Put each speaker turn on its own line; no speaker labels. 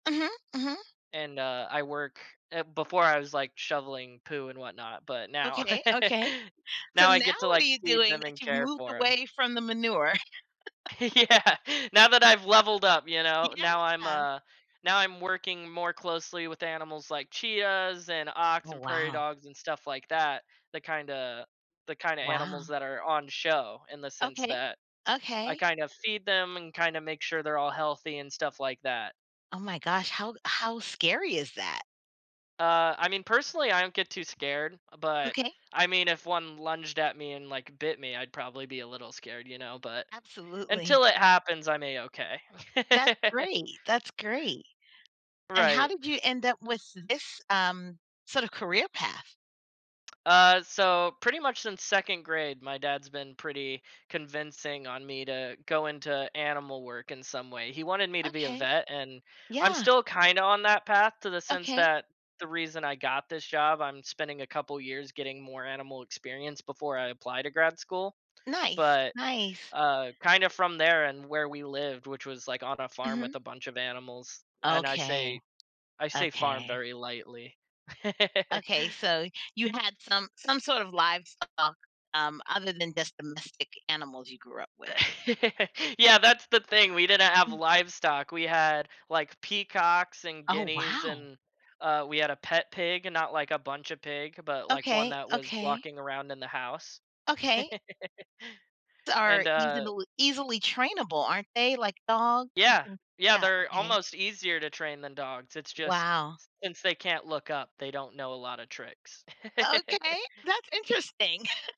Mhm. Mhm.
And, uh, I work eh, before I was, like, shoveling poo and whatnot, but now
Okay, okay. So,
now I
now,
get to,
what are
like,
you
feed
doing
them
that
and
you've
care
moved
for 'em.
away from the manure?
Yeah. Now that I've leveled up, you know? Now, I'm
Yeah.
a now I'm working more closely with animals like chias, and ox,
Oh,
and prairie
wow.
dogs, and stuff like that. The kinda the kinda animals
Wow.
that are on the show, in the sense
Okay.
that, I
Okay.
kind of feed them and kinda make sure they're all healthy and stuff like that.
Oh my gosh, how how scary is that?
Uh, I mean, personally, I don't get too scared, but,
Okay.
I mean, if 1 lunged at me and, like, bit me, I'd probably be a little scared, you know? But,
Absolutely.
until it happens, I'm a-okay.
That great, that's great. And how
Right.
did you end up with this, um, sort of career path?
Uh, so pretty much since 2nd grade, my dad's been pretty convincing on me to go into animal work in some way. He wanted me to be a
Okay.
vet, and I'm
Yeah.
still kinda on that path to the sense
Okay.
that the reason I got this job, I'm spending a couple years getting more animal experience before I apply to grad school.
Nice.
But,
Nice.
uh, kinda from there and where we lived, which was, like, on a farm
Mhm.
with a bunch of animals. And I
Okay.
say I say farm
Okay.
very lightly.
Okay. So, you had some some sort of livestock, um, other than just domestic animals you grew up with.
Yeah, that's the thing. We didn't have
Mm.
livestock. We had, like, peacocks, and
Oh,
guineas,
wow.
and uh, we had a pet pig and not like a bunch of pig, but like 1
Okay,
that was
okay.
walking around in the house.
Okay. T are
And,
easy to
uh
loo easily trainable, aren't they? Like dog?
Yeah.
People
Yeah,
Yeah.
they're
Okay.
almost easier to train than dogs. It's just
Wow.
since they can't look up, they don't know a lotta tricks.
Okay. That's interesting.